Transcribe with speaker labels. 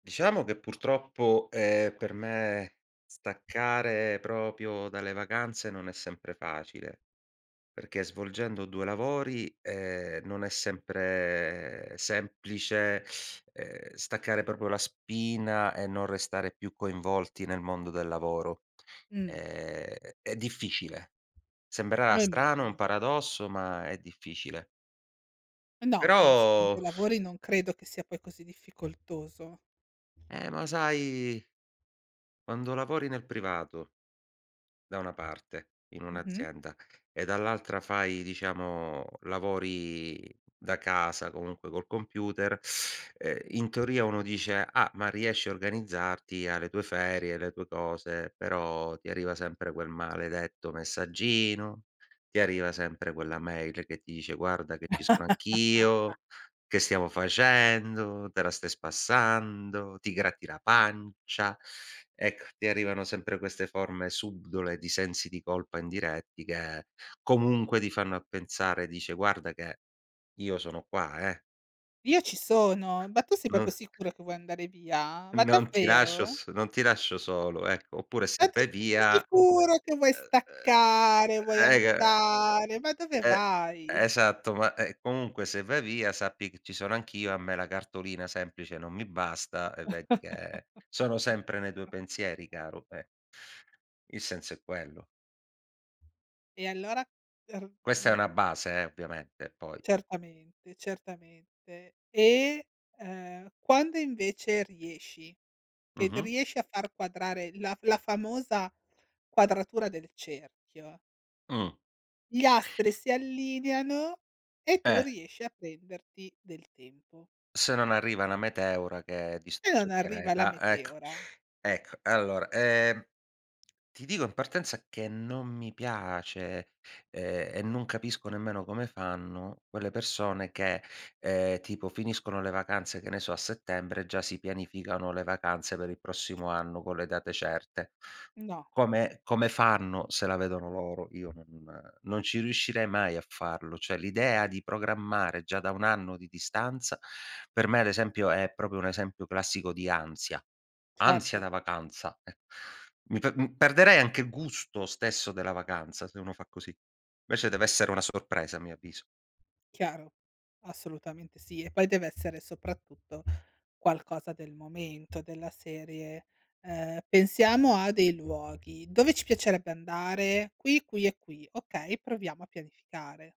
Speaker 1: Diciamo che purtroppo, ehm, per me staccare proprio dalle vacanze non è sempre facile, perché svolgendo 2 lavori, ehm, non è sempre semplice, ehm, staccare proprio la spina e non restare più coinvolti nel mondo del lavoro.
Speaker 2: Mh.
Speaker 1: È è difficile. Sembrerà strano un
Speaker 2: Rimugini.
Speaker 1: paradosso, ma è difficile.
Speaker 2: No, anzi mentre
Speaker 1: Però
Speaker 2: lavori, non credo che sia poi così difficoltoso.
Speaker 1: Eh ma sai quando lavori nel privato da una parte, in
Speaker 2: Mh-mh.
Speaker 1: un'azienda, e dall'altra fai, diciamo, lavori da casa comunque col computer, ehm, in teoria uno dice: "Ah ma riesci a organizzarti hai le tue ferie, hai le tue cose". Però ti arriva sempre quel maledetto messaggino, ti arriva sempre quella mail che ti dice: "Guarda che ci sono anch'io, che stiamo facendo, te la stai spassando, ti gratti la pancia". Ecco, ti arrivano sempre queste forme subdole, di sensi di colpa indiretti che comunque ti fanno a pensare, dice guarda che io sono qua eh.
Speaker 2: Io ci sono, ma tu sei proprio
Speaker 1: Non
Speaker 2: sicuro che vuoi andare via? Ma
Speaker 1: non ti lascio
Speaker 2: davvero?
Speaker 1: so non ti lascio solo, ecco. Oppure
Speaker 2: Ma
Speaker 1: se
Speaker 2: tu
Speaker 1: vai
Speaker 2: sei proprio
Speaker 1: via,
Speaker 2: sicuro che vuoi
Speaker 1: ehm,
Speaker 2: staccare, vuoi
Speaker 1: ehm [unintelligible]
Speaker 2: andare? Ma dove
Speaker 1: Eh,
Speaker 2: vai!
Speaker 1: esatto. Ma, ehm, comunque se vai via sappi che ci sono anch'io, a me la cartolina semplice non mi basta e vedi che sono sempre nei tuoi pensieri caro, eh. Il senso è quello.
Speaker 2: E allora r
Speaker 1: Questa è una
Speaker 2: mhmm
Speaker 1: base, eh, ovviamente poi.
Speaker 2: certamente certamente. E, ehm, quando invece riesci, che
Speaker 1: Mh-mh.
Speaker 2: riesci a far quadrare, la f la famosa quadratura del cerchio
Speaker 1: Mh.
Speaker 2: gli astri si allineano e tu
Speaker 1: Eh.
Speaker 2: riesci a prenderti del tempo.
Speaker 1: Se non arriva una meteora che
Speaker 2: E
Speaker 1: distrugge
Speaker 2: non
Speaker 1: il
Speaker 2: arriva, la
Speaker 1: pianeta. Ecco
Speaker 2: meteora.
Speaker 1: ecco. Allora, ehm, ti dico in partenza che non mi piace, ehm, e non capisco nemmeno come fanno quelle persone che ,ehm, tipo finiscono le vacanze, che ne so, a settembre già si pianificano le vacanze per il prossimo anno con le date certe.
Speaker 2: No.
Speaker 1: Come come fanno? Se la vedono loro, io non non ci riuscirei mai a farlo. Cioè l'idea di programmare già da un anno di distanza, per me ad esempio è proprio un esempio classico di ansia, ansia
Speaker 2: Certo.
Speaker 1: da vacanza. Ecco, mi p perderei anche gusto stesso della vacanza, se uno fa così. Invece, deve essere una sorpresa a mio avviso.
Speaker 2: Chiaro, assolutamente sì e poi deve essere soprattutto qualcosa del momento della serie, ehm: "Pensiamo a dei luoghi, dove ci piacerebbe andare? Qui, qui e qui". Okay, proviamo a pianificare.